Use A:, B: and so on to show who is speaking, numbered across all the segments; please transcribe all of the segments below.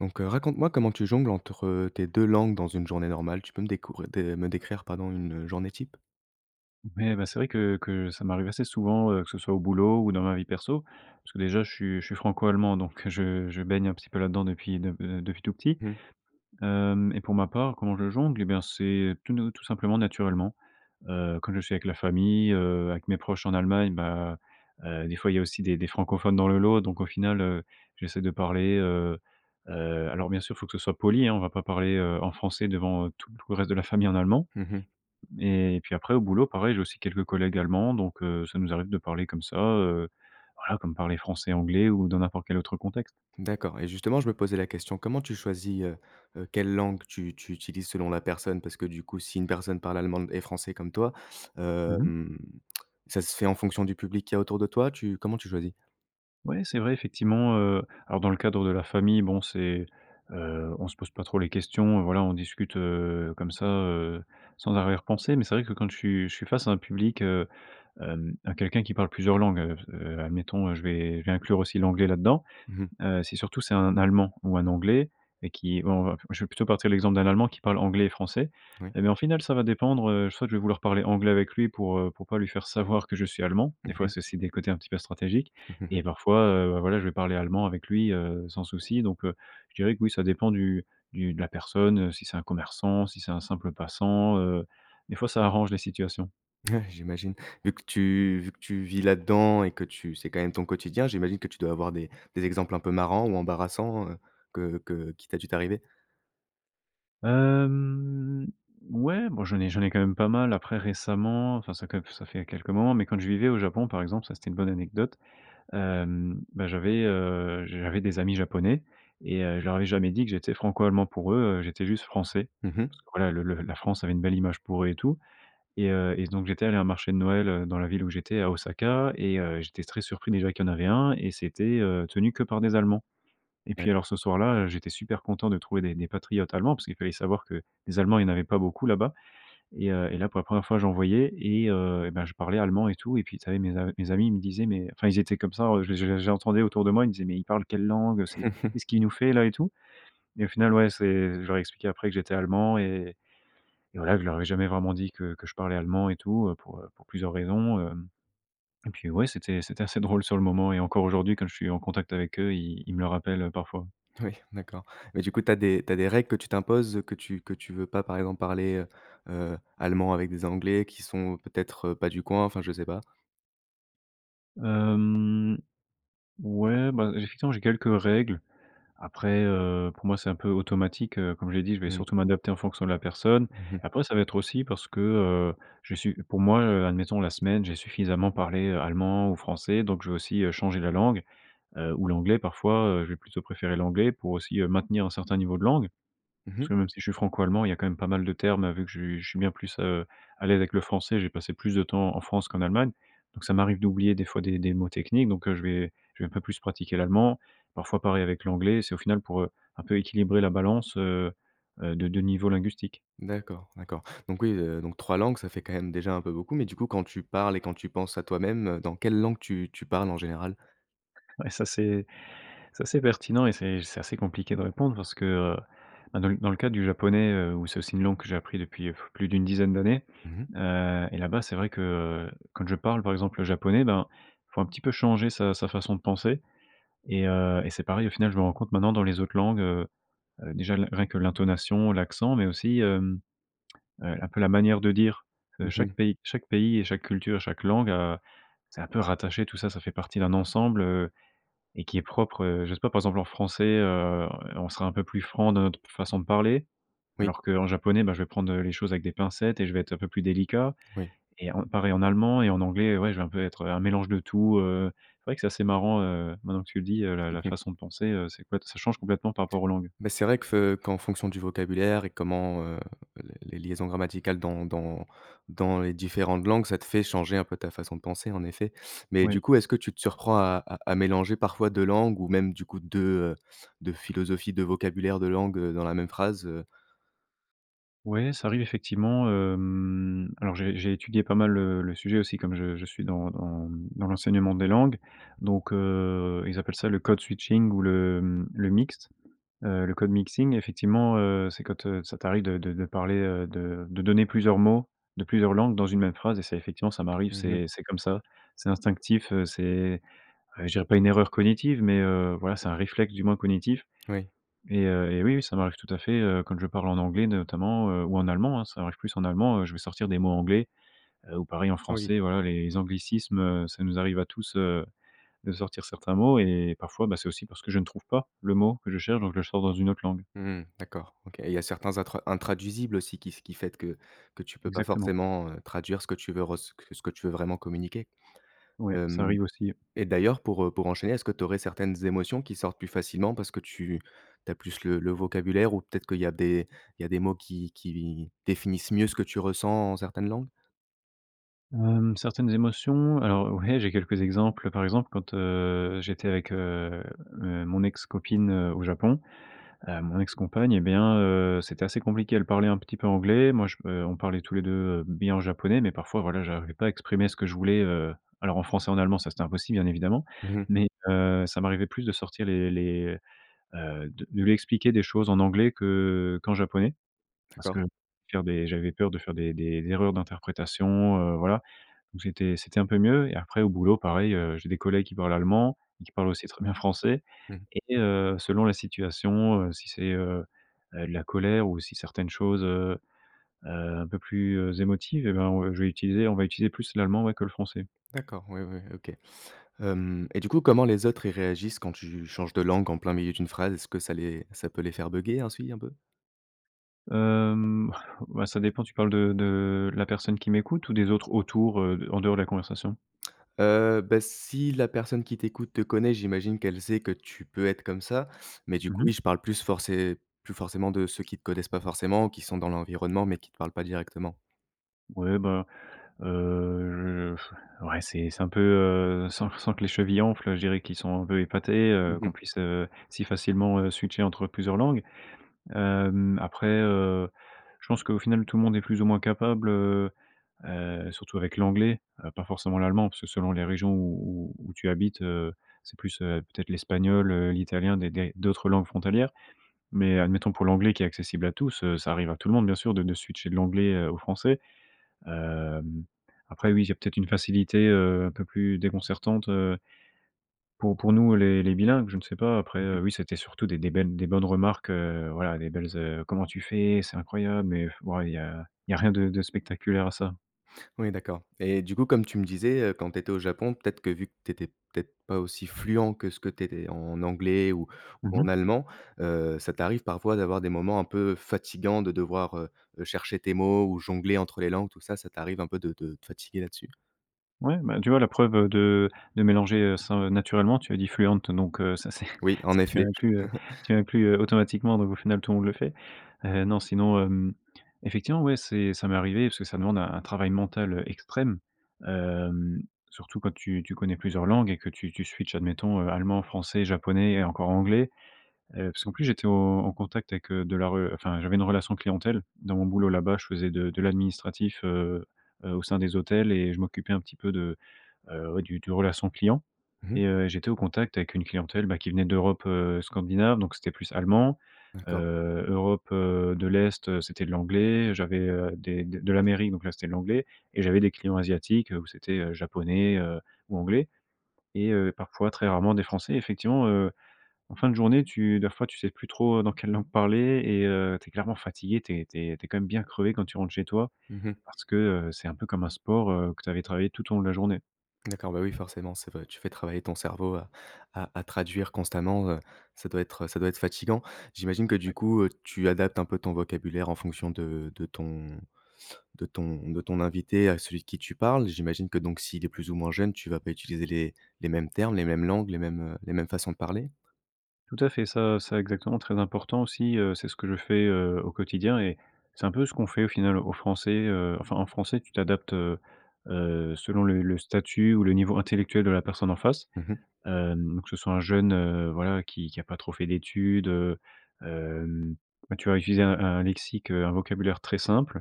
A: Donc heu, raconte-moi comment tu jongles entre, heu, tes 2 langues dans une journée normale? Tu peux me décour heu, de me décrire, pardon, une, heu, journée type?
B: Ouais, bah, c'est vrai que que ça m'arrive assez souvent, heu, que ce soit au boulot ou dans ma vie perso, parce que déjà je suis je suis Franco-Allemand, donc heu, je je baigne un petit peu là-dedans depuis depuis, heu, depuis tout petit.
A: Mmh.
B: Hem et pour ma part, comment je jongle? Eh bien, c'est tout ne tout simplement, naturellement. Heu, quand je suis avec la famille, heu, avec mes proches en Allemagne, bah, heu, des fois, il y a aussi des des francophones dans le lot. Donc, au final, heu, j'essaie de parler, heu heu, alors, bien sûr, faut que ce soit poli, hein. On va pas parler, heu, en français devant, heu, tout tout le reste de la famille en allemand.
A: Mmh mh.
B: Mais, puis après, au boulot, pareil, j'ai aussi quelques collègues Allemands. Donc heu, ça nous arrive de parler comme ça, heu, voilà, comme parler français, anglais ou dans n'importe quel autre contexte.
A: D'accord et justement je me posais la question. Comment tu choisis, heu heu, quelle langue tu tu utilises selon la personne? Parce que, du coup, si une personne parle allemand d et français comme toi,
B: Mmh mh.
A: hem, ça se fait en fonction du public qu'il y a autour de toi? Tu comment tu choisis?
B: Ouais, c'est vrai, effectivement, heu, alors, dans le cadre de la famille, bon, c'est, heu, on se pose pas trop les questions, heu, voilà, on discute, heu, comme ça, heu, sans arrière pensée, mais c'est vrai que quand je suis je suis face à un public, heu, hem, à quelqu'un qui parle plusieurs langues, heu, f heu, admettons, heu, je vais je vais inclure aussi l'anglais là-dedans.
A: Mmh mh.
B: Heu, si, surtout c'est un Allemand ou un Anglais et qui, bon, on va je vais plutôt partir de l'exemple d'un Allemand qui parle anglais et français
A: Oui.
B: et ben, au final, ça va dépendre. Heu, soit je vais vouloir parler anglais avec lui pour, heu, pour pas lui faire savoir que je suis Allemand. Des
A: Mmh
B: fois,
A: mh.
B: c'est aussi des côtés un petit peu stratégiques et parfois, heu, bah, voilà, je vais parler allemand avec lui, heu, sans souci. Donc heu, je dirais que oui, ça dépend du du de la personne, heu, si c'est un commerçant, si c'est un simple passant, heu. Des fois, ça arrange les situations.
A: Ouais, j'imagine. Vu que tu vu que tu vis là-dedans et que tu c'est quand même ton quotidien. J'imagine que tu dois avoir des des exemples un peu marrants ou embarrassants, heu, que que qui t a dû t'arriver?
B: Hem, ouais, bon, j'en ai j'en ai quand même pas mal. Après récemment, enfin ça que ça fait quelques moments. Mais quand je vivais au Japon, par exemple, ça, c'était une bonne anecdote, hem, bah j'avais, heu, j j'avais des amis Japonais et heu, je leur avais jamais dit que j'étais Franco-Allemand. Pour eux, heu, j'étais juste Français.
A: Mmh mh.
B: Parce que voilà, le le la France avait une belle image pour eux et tout et heu, et donc, j'étais allé à un marché de Noël, heu, dans la ville où j'étais à Osaka et heu, j'étais très surpris. Déjà qu'il y en avait 1 et c'était heu, tenu que par des Allemands et puis
A: D'accord.
B: alors, ce soir-là, heu, j'étais super content de trouver des des patriotes Allemands- parce qu'il fallait savoir que les Allemands, il y en avait pas beaucoup là-bas- et heu, et là pour la 1re fois, j'en voyais et heu, et ben, je parlais allemand et tout et puis, ça y est, mes a mes amis ils me disaient: «Mais, heu», enfin, ils étaient comme ça, en je les je les je les entendais autour de moi, ils me disaient: «Mais il parle quelle langue? Heu, c'est qu'est-ce qu'il nous fait là?» et tout et au final, ouais, c'est je leur ai expliqué après que j'étais Allemand et et voilà. Que je leur avais jamais vraiment dit que que je parlais allemand et tout, heu, pour heu, pour plusieurs raisons, hem et puis ouais, c'était c'était assez drôle sur le moment et encore aujourd'hui, quand je suis en contact avec eux, ils ils me le rappellent, heu, parfois.
A: Oui, d'accord. Mais du coup tu as des tu as des règles que tu t'imposes, que tu que tu veux pas par exemple parler, heu heu, allemand avec des Anglais qui sont peut-être, heu, pas du coin, enfin je sais pas?
B: Hem, ouais, bah, effectivement, j'ai quelques règles après, heu, pour moi, c'est un peu automatique, heu, comme j'ai dit: «Je vais
A: Mmh.
B: surtout m'adapter en fonction de la personne».
A: Mmh mh.
B: Après, ça va être aussi parce que, heu, j'ai su pour moi, heu, admettons la semaine, j'ai suffisamment parlé allemand ou français donc je vais aussi, heu, changer la langue, heu, ou l'anglais, parfois, heu, je vais plutôt préférer l'anglais pour aussi, heu, maintenir un certain niveau de langue
A: Mmh
B: parce
A: mh.
B: que même si je suis Franco-Allemand, il y a quand même pas mal de termes, vu que ju je suis bien plus, heu, à l'aise avec le français, j'ai passé plus de temps en France qu'en Allemagne donc ça m'arrive d'oublier des fois des des mots techniques donc heu, je vais je vais un peu plus pratiquer l'allemand, parfois pareil avec l'anglais. C'est au final pour, heu, un peu équilibrer la balance, heu heu, de 2 niveaux linguistiques.
A: D'accord, d'accord donc oui, heu, donc 3 langues, ça fait quand même déjà un peu beaucoup, mais du coup quand tu parles et quand tu penses à toi-même, heu, dans quelle langue tu tu parles en général?
B: Ouais, ça c'est ça c'est pertinent et c'est c'est assez compliqué de répondre parce que, heu, bah, dans le dans le cadre du japonais, heu, où c'est aussi une langue que j'ai appris depuis, plus d'une dizaine d'années,
A: Mmh mh.
B: heu, et là-bas, c'est vrai que quand je parle, par exemple, le japonais, ben, il faut un petit peu changer sa sa façon de penser et heu, et c'est pareil, au final, je me rends compte maintenant dans les autres langues, heu heu, déjà l rien que l'intonation, l'accent, mais aussi, hem, heu, un peu la manière de dire de
A: Mmh mh.
B: chaque pays chaque pays et chaque culture, chaque langue à c'est un peu rattaché tout ça, ça fait partie d'un ensemble, heu, et qui est propre, heu, je sais pas, par exemple, en français, heu, on sera un peu plus franc dans notre façon de parler,
A: Oui.
B: alors qu'en japonais, bah, je vais prendre, heu, les choses avec des pincettes et je vais être un peu plus délicat
A: Oui.
B: et on pareil en allemand et en anglais, heu, ouais, je vais un peu être un mélange de tout, heu, c'est vrai que c'est assez marrant, heu, maintenant que tu le dis, heu, la
A: Mmh
B: la
A: mh.
B: façon de penser, heu, c'est que ouais, t ça change complètement par rapport aux langues.
A: Mais c'est vrai que f heu, qu'en fonction du vocabulaire et comment, heu, les les liaisons grammaticales dans dans dans les différentes langues, ça te fait changer un peu ta façon de penser, en effet, mais
B: Ouais.
A: du coup, est-ce que tu te surprends à à à mélanger parfois 2 langues ou même du coup, 2, heu, 2 philosophies, 2 vocabulaires, 2 langues, heu, dans la même phrase, heu?
B: Ouais, ça arrive effectivement, hem, alors j'ai j'ai étudié pas mal, heu, le sujet aussi comme je je suis dans dans, mmh, dans l'enseignement des langues donc heu, ils appellent ça le code-switching ou le, mmh, le mixte, heu, le code-mixing, effectivement, heu, c'est quand, heu, ça t'arrive de de de parler, heu, de de donner plusieurs mots de plusieurs langues dans une même phrase et c'est effectivement, ça m'arrive,
A: Mmh mh.
B: c'est c'est comme ça. C'est instinctif, heu, c'est, heu, je dirais pas une erreur cognitive, mais heu, voilà, c'est un réflexe du moins cognitif
A: Oui.
B: et heu, et oui, oui, ça m'arrive tout à fait, heu, quand je parle en anglais, de notamment, heu, ou en allemand, hein, ça arrive plus en allemand, heu, je vais sortir des mots anglais, heu, ou pareil en
A: Ah oui.
B: français, voilà, les anglicismes, heu, ça nous arrive à tous, heu, de sortir certains mots et parfois, bah, c'est aussi parce que je ne trouve pas le mot que je cherche donc je le sors dans 1 autre langue.
A: Mmh mh. D'accord OK, il y a certains intra intraduisibles aussi qui s qui faite que que tu peux pas
B: Exactement.
A: forcément, heu, traduire ce que tu veux ress que ce que tu veux vraiment communiquer,
B: Ouais, ça
A: hem,
B: arrive aussi.
A: et d'ailleurs pour, heu, pour enchaîner, est-ce que tu aurais certaines émotions qui sortent plus facilement parce que tu tu as plus le le vocabulaire ou peut-être qu'il y a des il y a des mots qui qui définissent mieux ce que tu ressens en certaines langues?
B: Hem, certaines émotions, alors, ouais, j'ai quelques exemples. Par exemple, quand, heu, j'étais avec, heu heu, mon ex-copine, heu, au Japon, heu, mon ex-compagne, eh bien, heu, c'était assez compliqué, elle parlait un petit peu anglais, moi, je p heu, on parlait tous les 2, heu, bien japonais, mais parfois, voilà, j'arrivais pas à exprimer ce que je voulais, heu, alors en français et en allemand, ça, c'était impossible, bien évidemment
A: Mmh mh.
B: mais heu, ça m'arrivait plus de sortir les les, heu, de de lui expliquer des choses en anglais que qu'en japonais parce que
A: D'accord.
B: faire des j'avais peur de faire des des erreurs d'interprétation, heu, voilà, donc j'étais c'était un peu mieux, et après au boulot pareil, heu, j'ai des collègues qui parlent allemand et qui parlent aussi très bien français
A: Mmh mh.
B: et heu, selon la situation, heu, si c'est, heu heu, de la colère ou si certaines choses, heu heu, un peu plus, heu, émotives, eh ben, on heu, je vais utiliser on va utiliser plus l'allemand, ouais, que le français.
A: D'accord, ouais, ouais, OK. Hem, et du coup, comment les autres ils réagissent quand tu changes de langue en plein milieu d'une phrase, est-ce que ça les ça peut les faire bugger, un si un peu?
B: Hem, bah, ça dépend, tu parles de de la personne qui m'écoute ou des autres autour, heu, de en dehors de la conversation?
A: Heu, bah, si la personne qui t'écoute te connaît, j'imagine qu'elle sait que tu peux être comme ça mais du
B: Mmh
A: coup,
B: mh.
A: oui, je parle plus forcé plus forcément de ceux qui te connaissent pas forcément, qui sont dans l'environnement mais qui te parlent pas directement.
B: Ouais, bah, heu, je ouais, c'est c'est un peu, heu, sans f sans que les chevilles enflent, heu, je dirais qu'ils sont un peu épatés,
A: Mmh
B: heu, qu'on
A: mh.
B: puisse, heu, si facilement, heu, switcher entre plusieurs langues, hem, après, heu, je pense qu'au final tout le monde est plus ou moins capable, heu heu, surtout avec l'anglais, heu, pas forcément l'allemand, parce que selon les régions où où où tu habites, heu, c'est plus, heu, peut-être l'espagnol, heu, l'italien, des des d'autres langues frontalières mais admettons pour l'anglais qui est accessible à tous, heu, ça arrive à tout le monde, bien sûr, de de switcher de l'anglais, heu, au français, hem, après, oui, j'ai peut-être une facilité, heu, un peu plus déconcertante, heu pour pour nous les les bilingues. Je ne sais pas. Après,
A: Mmh mh.
B: heu, oui, c'était surtout des des belles, des bonnes remarques, heu, voilà, les belles ze «Comment tu fais?», «C'est incroyable!», mais bon, il y a il y a rien de de spectaculaire à ça.
A: Oui, d'accord et du coup comme tu me disais, heu, quand tu étais au Japon, peut-être que vu que tu étais peut-être pas aussi fluent que ce que tu étais en anglais ou
B: Mmh
A: ou en
B: mh.
A: allemand, heu, ça t'arrive parfois d'avoir des moments un peu fatigants de devoir, heu heu, chercher tes mots ou jongler entre les langues, tout ça, ça t'arrive un peu de de te fatiguer là-dessus?
B: Ouais, ben, tu vois, la preuve, heu, de de mélanger ce heu, naturellement tu as dit: «fluent», heu, donc heu, ça, c'est,
A: Oui, en
B: tu as
A: effet, je
B: inclus, heu, tu as inclus, heu, automatiquement donc au final, tout le monde le fait. Heu, non, sinon, hem, effectivement, ouais, c'est ça m'est arrivé parce que ça demande un un travail mental, heu, extrême, hem, surtout quand tu tu connais plusieurs langues et que tu tu switch admettons, heu, allemand, français, japonais et encore anglais. Heu, parce qu'en plus, j'étais au au contact avec, heu, de la re enfin, j'avais une relation clientèle. Dans mon boulot, là-bas, je faisais de de l'administratif, heu heu, au sein des hôtels et je m'occupais un petit peu de, heu, ouais, du du relation client
A: Mmh mh.
B: et heu, j'étais au contact avec une clientèle, bah, qui venait d'Europe, heu, scandinave. Donc, c'était plus allemand,
A: D'accord.
B: heu, Europe, heu, de l'Est, heu, c'était de l'anglais. J'avais, heu, des de de l'Amérique, donc là, c'était de l'anglais et j'avais des clients asiatiques, heu, où c'était, heu, japonais, heu, ou anglais et heu, parfois, très rarement des Français. Effectivement, heu, en fin de journée, tu da fois, tu sais plus trop, heu, dans quelle langue parler et heu, tu es clairement fatigué. Tu es tu es tu es, quand même, bien crevé quand tu rentres chez toi
A: Mmh mh.
B: parce que, heu, c'est un peu comme un sport, heu, que tu avais travaillé tout au long de la journée.
A: D'accord, bah, oui, forcément, c'est vrai, tu fais travailler ton cerveau à à à traduire constamment, heu, ça doit être, heu, ça doit être fatigant. J'imagine que,
B: Ouais.
A: du coup, heu, tu adaptes un peu ton vocabulaire en fonction de de ton de ton de ton invité à celui qui tu parles. J'imagine que donc s'il est plus ou moins jeune, tu vas pas utiliser les les mêmes termes, les mêmes langues, les mêmes, heu, les mêmes façons de parler?
B: Tout à fait, ça ça exactement très important aussi, heu, c'est ce que je fais, heu, au quotidien, et c'est un peu ce qu'on fait au final aux Français, heu, enfin en français, tu t'adaptes, heu heu, selon le le statut ou le niveau intellectuel de la personne en face.
A: Mmh mh.
B: Hem, ou que ce soit un jeune, heu, voilà, qui qui a pas trop fait d'études, heu, hem, bah, tu vas utiliser un un lexique, heu, un vocabulaire très simple,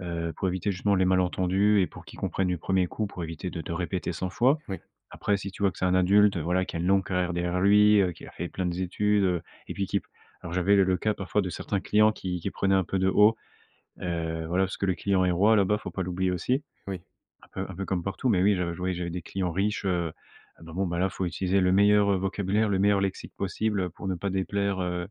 B: heu, pour éviter justement les malentendus et pour qu'il comprenne du 1er coup, pour éviter de te répéter 100 fois.
A: Oui.
B: Après, si tu vois que c'est un adulte, voilà, qui a une longue carrière derrière lui, heu, qui a fait plein de z études, heu, et puis qui p alors, j'avais le le cas parfois de certains clients qui qui prenaient un peu de haut,
A: Mmh mh.
B: heu, voilà, parce que le client est roi là-bas, faut pas l'oublier
A: Mmh
B: aussi.
A: oui.
B: Un peu un peu comme partout, mais oui, je je voyais j'avais des clients riches, heu, ah bah, bon, ben, là faut utiliser le meilleur, heu, vocabulaire, le meilleur lexique possible, heu, pour ne pas déplaire, heu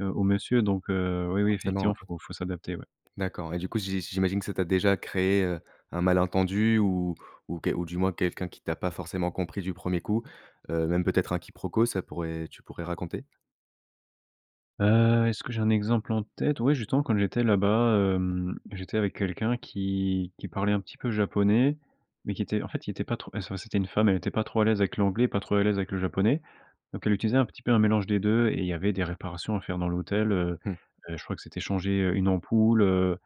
B: heu, au monsieur donc heu, oui, oui
A: Forcément,
B: effectivement
A: ouais.
B: faut faut s'adapter, ouais.
A: D'accord, et du coup, j'i j'imagine que ça t'a déjà créé, heu, un malentendu ou ou que ou du moins quelqu'un qui t'a pas forcément compris du 1er coup, heu, même peut-être un quiproquo, ça pourrait tu pourrais raconter?
B: Heu, est-ce que j'ai un exemple en tête? Ouais, justement, quand j'étais là-bas, hem, j'étais avec quelqu'un qui qui parlait un petit peu japonais, mais qui était en fait, il était pas trop et ce c'était une femme, elle était pas trop à l'aise avec l'anglais, pas trop à l'aise avec le japonais, donc elle utilisait un petit peu un mélange des 2, et il y avait des réparations à faire dans l'hôtel, heu
A: Mmh.
B: heu, je crois que c'était changer, heu, une ampoule, heu,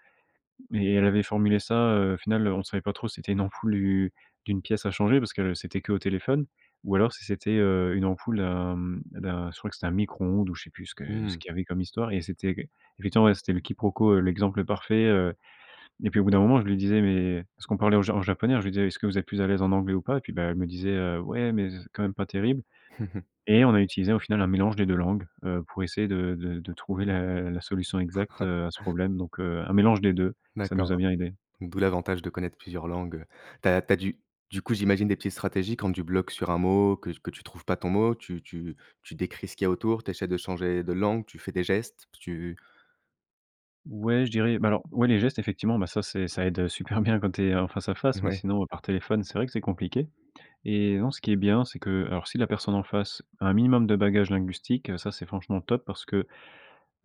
B: mais elle avait formulé ça, heu, final, on savait pas trop si c'était une ampoule, u d'une pièce à changer parce que c'était qu'au téléphone, ou alors si c'était, heu, une ampoule d'un, mmh, d'un je crois que c'était un micro-ondes ou je sais plus ce que ce
A: Mmh.
B: qu'il y avait comme histoire, et c'était que effectivement ouais, c'était le quiproquo, heu, l'exemple parfait, heu, et puis au bout d'un moment, je lui disais: «Mais» parce ce qu'on parlait en ja en japonais, alors je lui disais: «Est-ce que vous êtes plus à l'aise en anglais ou pas?» et puis bah, elle me disait: «Heu, ouais, mais c'est quand même pas terrible» et on a utilisé, au final, un mélange des 2 langues, heu, pour essayer de de de trouver la la solution exacte, heu, à ce problème, donc heu, un mélange des 2, ça
A: D'accord.
B: nous a bien aidés.
A: Donc d'où l'avantage de connaître plusieurs langues. Heu, tu as tu as du du coup, j'imagine des petites stratégies quand tu bloques sur un mot, que t que tu trouves pas ton mot, tu tu tu décris ce qu'il y a autour, tu essaies de changer de langue, tu fais des gestes, tu
B: Ouais, je dirais bah alors, ouais les gestes, effectivement, bah ça, c'est ça aide super bien quand tu es en face-à-face, mais
A: Ouais.
B: sinon par téléphone, c'est vrai que c'est compliqué, et non, ce qui est bien, c'est que alors, si la personne en face à un minimum de bagage linguistique, heu, ça, c'est franchement top parce que,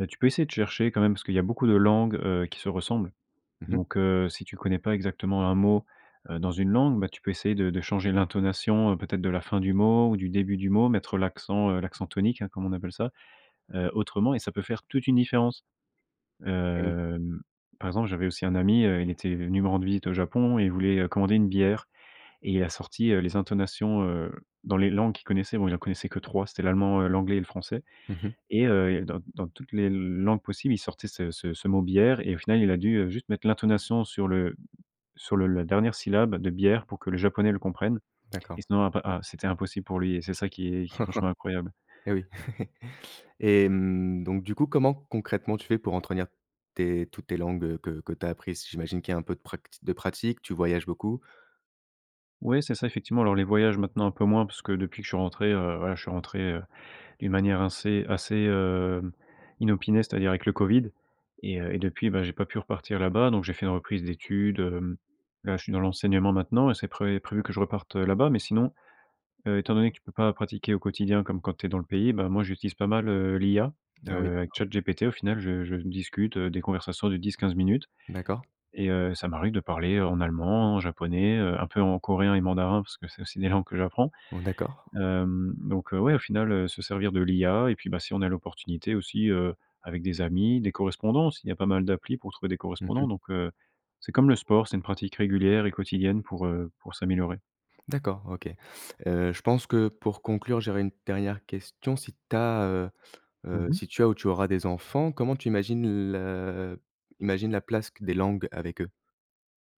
B: bah, tu peux essayer de chercher quand même, parce qu'il y a beaucoup de langues, heu, qui se ressemblent,
A: Mmh mh.
B: donc heu, si tu connais pas exactement un mot, heu, dans une langue, bah, tu peux essayer de de changer l'intonation, heu, peut-être de la fin du mot ou du début du mot, mettre l'accent, heu, l'accent tonique, hein, comme on appelle ça, heu, autrement, et ça peut faire toute une différence.
A: Et oui.
B: Hem, par exemple, j'avais aussi un ami, heu, il était venu me rendre visite au Japon et il voulait, heu, commander une bière et il a sorti, heu, les intonations, heu, dans les langues qu'il connaissait. Bon, il en connaissait que 3 c'était l'allemand, heu, l'anglais et le français,
A: Mmh mh.
B: et heu, et dans dans toutes les langues possibles, il sortait ce ce ce mot bière et au final, il a dû, heu, juste mettre l'intonation sur le sur le la dernière syllabe de bière, pour que le japonais le comprenne,
A: D'accord.
B: et sinon, après ah, c'était impossible pour lui et c'est ça qui est qui est franchement incroyable.
A: Et oui. Et mmh, donc du coup, comment, concrètement, tu fais pour entretenir tes toutes tes langues, heu, que que tu as apprises? J'imagine qu'il y a un peu de prac t de pratique, tu voyages beaucoup?
B: Ouais, c'est ça effectivement, alors les voyages maintenant un peu moins parce que depuis que je suis rentré, heu, voilà, je suis rentré, heu, d'une manière assez assez, hem, inopinée, c'est à dire avec le COVID, et heu, et depuis, bah, j'ai pas pu repartir là-bas, donc j'ai fait une reprise d'études, hem, là je suis dans l'enseignement maintenant et c'est pré prévu que je reparte, heu, là-bas, mais sinon, heu, étant donné que tu peux pas pratiquer au quotidien comme quand tu es dans le pays, bah, moi j'utilise pas mal, heu, l'IA,
A: Ah oui,
B: heu, avec
A: d'accord.
B: ChatGPT au final je je discute, heu, des conversations de 10-15 minutes,
A: D'accord.
B: et heu, ça m'arrive de parler en allemand, en japonais, heu, un peu en coréen et mandarin parce que c'est aussi des langues que j'apprends.
A: Bon d'accord.
B: Hem, donc heu, ouais, au final, heu, se servir de l'IA et puis, bah, si on a l'opportunité aussi, heu, avec des amis, des correspondances, il y a pas mal d'applis pour trouver des
A: Mmh
B: correspondants,
A: mh.
B: donc heu, c'est comme le sport c'est une pratique régulière et quotidienne pour, heu, pour s'améliorer.
A: D'accord OK. Heu, je pense que pour conclure, j'aurais une dernière question, si tu as heu
B: Mmh
A: heu,
B: mh.
A: si tu as ou tu auras des enfants, comment tu imagines le imagines la place q des langues avec eux?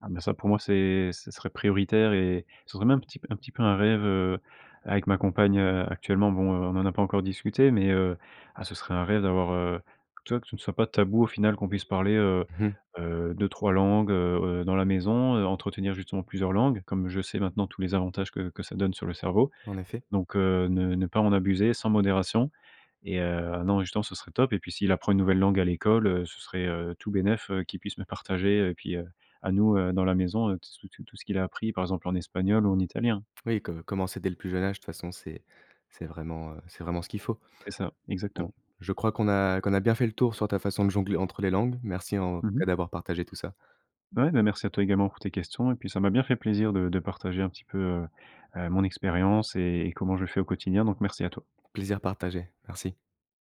B: Ah bah, ça pour moi, c'est ce serait prioritaire et ce serait même un petit p un petit peu un rêve, heu, avec ma compagne, heu, actuellement. Bon, heu, on en a pas encore discuté, mais heu, ah ce serait un rêve d'avoir, heu, tu vois, que ce ne soit pas tabou au final qu'on puisse parler, heu
A: Mmh mh.
B: heu, 2-3 langues, heu heu, dans la maison, heu, entretenir justement plusieurs langues, comme je sais maintenant tous les avantages que que ça donne sur le cerveau,
A: En effet.
B: donc heu, ne ne pas en abuser sans modération, et heu, non, justement ce serait top, et puis s'il apprend une nouvelle langue à l'école, heu, ce serait, heu, tout bénef, heu, qu'il puisse me partager et puis, heu, à nous, heu, dans la maison, heu, t s tout tout ce qu'il a appris, par exemple en espagnol ou en italien.
A: Oui, co commencer dès le plus jeune âge, de toute façon, c'est c'est vraiment, heu, c'est vraiment ce qu'il faut.
B: C'est ça,
A: Bon,
B: exactement.
A: je crois qu'on a qu'on a bien fait le tour sur ta façon de jongler entre les langues, merci, en
B: Mmh
A: tout
B: mh.
A: cas, d'avoir partagé tout ça.
B: Ouais, bah, merci à toi également pour tes questions et puis ça m'a bien fait plaisir de de partager un petit peu, heu heu, mon expérience et et comment je fais au quotidien donc merci à toi.
A: Plaisir partagé, merci.